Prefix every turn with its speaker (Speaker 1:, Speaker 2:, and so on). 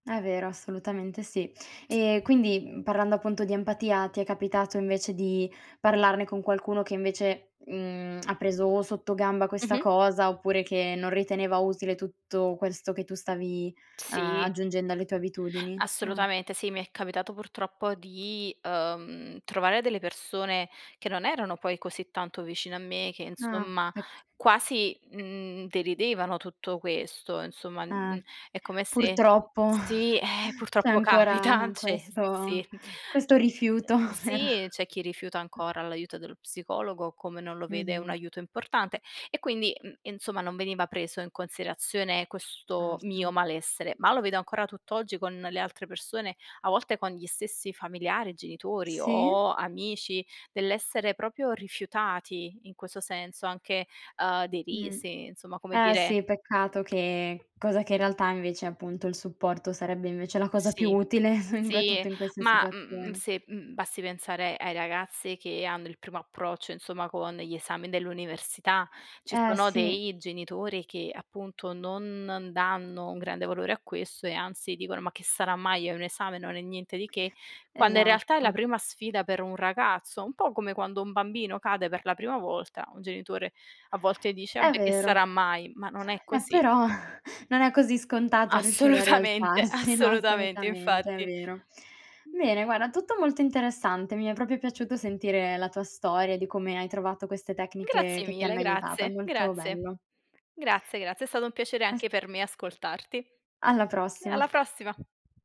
Speaker 1: È vero, assolutamente sì. Ehm, quindi, mhmm, parlando appunto di empatia, ti è capitato invece di parlarne con qualcuno che invece, mhmm, ha preso o sotto gamba questa
Speaker 2: Mh-mh.
Speaker 1: cosa oppure che non riteneva utile tutto questo che tu stavi, uhm,
Speaker 2: Sì.
Speaker 1: aggiungendo alle tue abitudini?
Speaker 2: Assolutamente sì, mi è capitato purtroppo di, uhm, trovare delle persone che non erano poi così tanto vicine a me, che
Speaker 1: Ah
Speaker 2: insomma
Speaker 1: ecc
Speaker 2: quasi, mhmm, deridevano tutto questo insomma,
Speaker 1: Eh
Speaker 2: mhmm, è come se
Speaker 1: purtroppo
Speaker 2: sì ,ehm,
Speaker 1: c'è
Speaker 2: purtroppo capita,
Speaker 1: ancora
Speaker 2: cioè s
Speaker 1: questo
Speaker 2: sì.
Speaker 1: questo rifiuto per
Speaker 2: Sì, c'è chi rifiuta ancora l'aiuto dello psicologo come non lo vede un
Speaker 1: Mh-mh.
Speaker 2: aiuto importante e quindi, mhmm, insomma non veniva preso in considerazione questo
Speaker 1: Certo.
Speaker 2: mio malessere. Ma lo vedo ancora tutt'oggi con le altre persone, a volte con gli stessi familiari, genitori
Speaker 1: Sì.
Speaker 2: o amici dell'essere proprio rifiutati in questo senso anche, uhm,
Speaker 1: Mh-mh.
Speaker 2: derisi, insomma come
Speaker 1: Ehm,
Speaker 2: dire
Speaker 1: sì, peccato che cosa che in realtà invece appunto il supporto sarebbe invece la cosa più
Speaker 2: Sì,
Speaker 1: utile
Speaker 2: sì,
Speaker 1: soprattutto in queste
Speaker 2: ma, mhmm,
Speaker 1: situazioni.
Speaker 2: se, mhmm, basti pensare ai ragazzi che hanno il primo approccio insomma con gli esami dell'università. Ci
Speaker 1: Ehm,
Speaker 2: sono
Speaker 1: sì.
Speaker 2: dei genitori che appunto, non danno un grande valore a questo e anzi dicono: "Ma che sarà mai? Hai un esame? Non è niente di che." Quando in realtà è la
Speaker 1: Esatto.
Speaker 2: prima sfida per un ragazzo, un po' come quando un bambino cade per la prima volta, un genitore a volte dice:
Speaker 1: È
Speaker 2: "Vabbè che
Speaker 1: vero.
Speaker 2: sarà mai?" Ma non è
Speaker 1: Ehm,
Speaker 2: così.
Speaker 1: però non è così scontato riuscire a
Speaker 2: Assolutamente,
Speaker 1: rialzarsi, no,
Speaker 2: assolutamente
Speaker 1: assolutamente, è
Speaker 2: infatti.
Speaker 1: vero. Bene, guarda, tutto molto interessante. Mi è proprio piaciuto sentire la tua storia di come hai trovato queste tecniche
Speaker 2: Grazie
Speaker 1: che ti
Speaker 2: mille,
Speaker 1: hanno aiutata.
Speaker 2: grazie,
Speaker 1: Molto
Speaker 2: grazie,
Speaker 1: bello.
Speaker 2: grazie, grazie è stato un piacere
Speaker 1: As
Speaker 2: anche per me ascoltarti.
Speaker 1: Alla
Speaker 2: Eh
Speaker 1: prossima.
Speaker 2: alla prossima.